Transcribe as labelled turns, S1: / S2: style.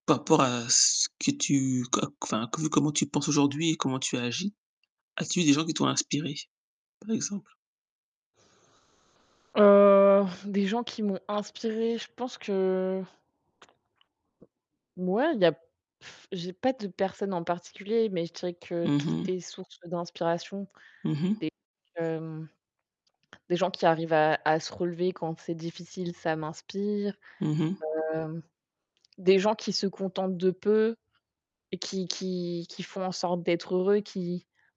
S1: Par rapport à ce que tu co c enfin vu comment tu penses aujourd'hui et comment tu agis, as-tu eu des gens qui t'ont inspirée, par exemple?
S2: Heu des gens qui m'ont inspirée, je pense que mouais, il y a j'ai pas de personne en particulier, mais je dirais que
S1: Mmh
S2: tout
S1: mh.
S2: est source d'inspiration
S1: Mmh mh?
S2: des que hem des gens qui arrivent à à se relever quand c'est difficile, ça m'inspire.
S1: Mmh mh.
S2: Hem, des gens qui se contentent de peu et qui qui qui font en sorte d'être heureux, qui